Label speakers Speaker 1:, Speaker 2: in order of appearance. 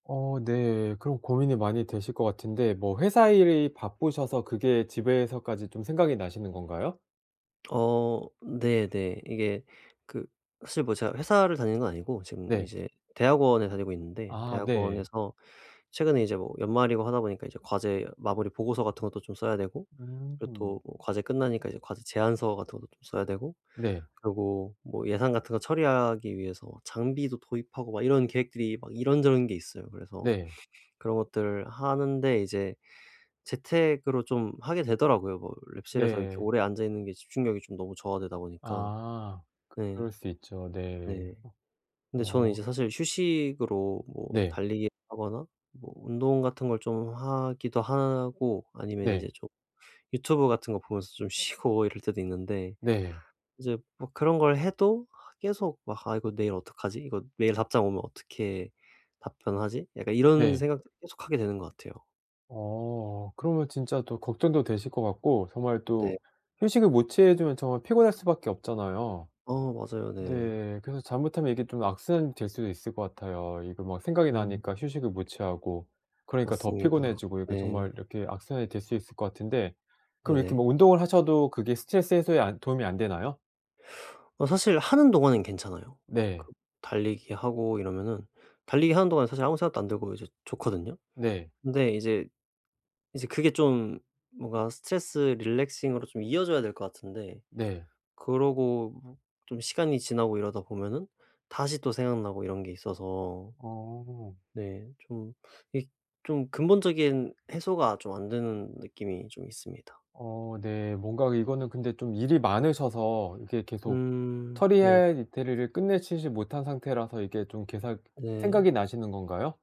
Speaker 1: 어 네. 그럼 고민이 많이 되실 것 같은데 뭐 회사 일이 바쁘셔서 그게 집에서까지 좀 생각이 나시는 건가요?
Speaker 2: 어 네네. 이게 그 사실 뭐 제가 회사를 다니는 건 아니고 지금
Speaker 1: 네.
Speaker 2: 이제 대학원에 다니고 있는데
Speaker 1: 아 네.
Speaker 2: 대학원에서 최근에 이제 뭐 연말이고 하다 보니까 이제 과제 마무리 보고서 같은 것도 좀 써야 되고 그리고
Speaker 1: 음.
Speaker 2: 또 과제 끝나니까 이제 과제 제안서 같은 것도 좀 써야 되고
Speaker 1: 네.
Speaker 2: 그리고 뭐 예산 같은 거 처리하기 위해서 장비도 도입하고 막 이런 계획들이 막 이런저런 게 있어요. 그래서
Speaker 1: 네.
Speaker 2: 그런 것들을 하는데 이제 재택으로 좀 하게 되더라고요. 뭐
Speaker 1: 음
Speaker 2: 랩실에서 이렇게
Speaker 1: 네.
Speaker 2: 오래 앉아 있는 게 집중력이 좀 너무 저하되다 보니까.
Speaker 1: 아 그
Speaker 2: 네
Speaker 1: 그럴 수 있죠. 네.
Speaker 2: 네.
Speaker 1: 어
Speaker 2: 근데 저는 이제
Speaker 1: 어.
Speaker 2: 사실 휴식으로 뭐
Speaker 1: 네.
Speaker 2: 달리기 하거나 뭐 운동 같은 걸 좀 하기도 하고 아니면
Speaker 1: 네.
Speaker 2: 이제 좀 유튜브 같은 거 보면서 좀 쉬고 이럴 때도 있는데
Speaker 1: 네.
Speaker 2: 이제 뭐 그런 걸 해도 계속 막 '아 이거 내일 어떡하지? 이거 내일 답장 오면 어떻게 답변하지?' 약간 이런
Speaker 1: 네.
Speaker 2: 생각도 계속 하게 되는 것 같아요.
Speaker 1: 어 그러면 진짜 또 걱정도 되실 것 같고 정말
Speaker 2: 네.
Speaker 1: 또 휴식을 못 취해 주면 정말 피곤할 수밖에 없잖아요.
Speaker 2: 어 맞아요. 네.
Speaker 1: 네. 그래서 잘못하면 이게 좀 악순환이 될 수도 있을 것 같아요. 이거 막 생각이
Speaker 2: 음.
Speaker 1: 나니까 휴식을 못 취하고 그러니까 더
Speaker 2: 맞습니다.
Speaker 1: 피곤해지고 이게
Speaker 2: 네.
Speaker 1: 정말 이렇게 악순환이 될 수 있을 것 같은데 그럼 이렇게
Speaker 2: 네네.
Speaker 1: 뭐 운동을 하셔도 그게 스트레스 해소에 안 도움이 안 되나요?
Speaker 2: 어 사실 하는 동안은 괜찮아요. 그
Speaker 1: 네.
Speaker 2: 달리기 하고 이러면은 달리기 하는 동안은 사실 아무 생각도 안 들고 이제 좋거든요.
Speaker 1: 네.
Speaker 2: 근데 이제 이제 그게 좀 뭔가 스트레스 relaxing으로 좀 이어져야 될 것 같은데
Speaker 1: 네.
Speaker 2: 그러고 뭐 좀 시간이 지나고 이러다 보면은 다시 또 생각나고 이런 게 있어서.
Speaker 1: 어.
Speaker 2: 네 좀 이 좀 근본적인 해소가 좀 안 되는 느낌이 좀 있습니다.
Speaker 1: 어 네. 뭔가 이거는 근데 좀 일이 많으셔서 이게 계속
Speaker 2: 음 네.
Speaker 1: 처리할 일들을 끝내시지 못한 상태라서 이게 좀 계속 생각이
Speaker 2: 네.
Speaker 1: 나시는 건가요?